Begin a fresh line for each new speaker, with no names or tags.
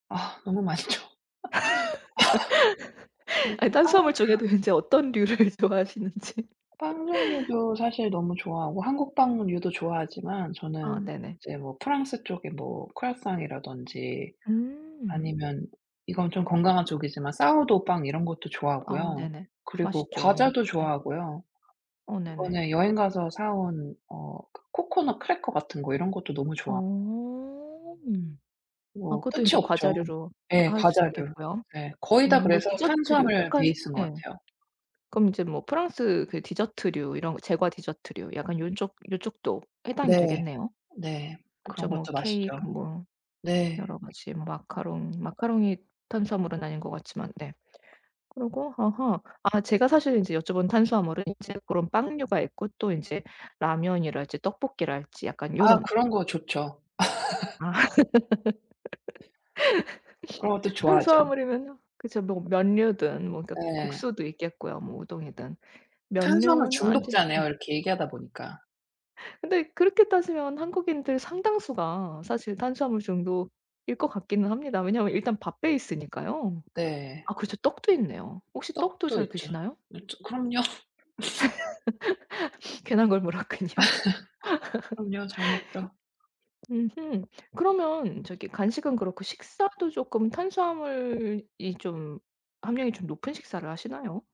아 너무 맛있죠. 아 전
아
또
탄수화물
빵
중에도 인제 어떤 류를 좋아하시는지.
빵 종류도 사실 너무 좋아하고 한국 빵류도 좋아하지만
아
저는
네네.
이제 뭐 프랑스 쪽에 뭐 크로와상이라든지
음.
아니면 이건 좀 건강한 쪽이지만 사워도우 빵 이런 것도
아
좋아하고요.
네네.
그리고
맛있죠.
과자도
네.
좋아하고요.
어 네네.
이번에 여행 가서 사 온 어 그 코코넛 크래커 같은 거 이런 것도 너무 좋아
어. 아
뭐
그것도
끝이
이제
없죠.
과자류로
네
할 수
과자류.
있겠고요.
네. 거의 다
음 뭐
그래서
디저트류
탄수화물
약간
베이스인 것
예.
같아요.
그럼 이제 뭐 프랑스 그 디저트류 이런 제과 디저트류 약간 욘쪽 요쪽도 해당이
네.
되겠네요.
네
그쵸.
그런
뭐
것도 맛있죠.
케이크 뭐
네.
여러 가지 뭐 마카롱, 마카롱이 탄수화물은 아닌 것 같지만 네. 그러고 아하. 아 제가 사실 이제 여쭤본 탄수화물은 이제 그런 빵류가 있고 또 이제 라면이랄지 떡볶이랄지 약간
아
요론.
그런 거 좋죠.
아
그런 것도 좋아하죠.
탄수화물이면 그죠. 뭐 면류든 뭐 그러니까
네.
국수도 있겠고요. 뭐 우동이든.
탄수화물
면류는 안 지 예.
중독자네요, 이렇게 얘기하다 보니까.
근데 그렇게 따지면 한국인들 상당수가 사실 탄수화물 중독일 것 같기는 합니다. 왜냐하면 일단 밥 베이스니까요.
네.
아 그렇죠. 떡도 있네요. 혹시 떡도
떡도
잘
있죠. 그쵸.
드시나요?
네 저 그럼요.
괜한 걸 물었군요.
그럼요. 잘 먹죠.
으흠. 그러면 저기 간식은 그렇고 식사도 쪼끔 탄수화물이 좀 함량이 좀 높은 식사를 하시나요?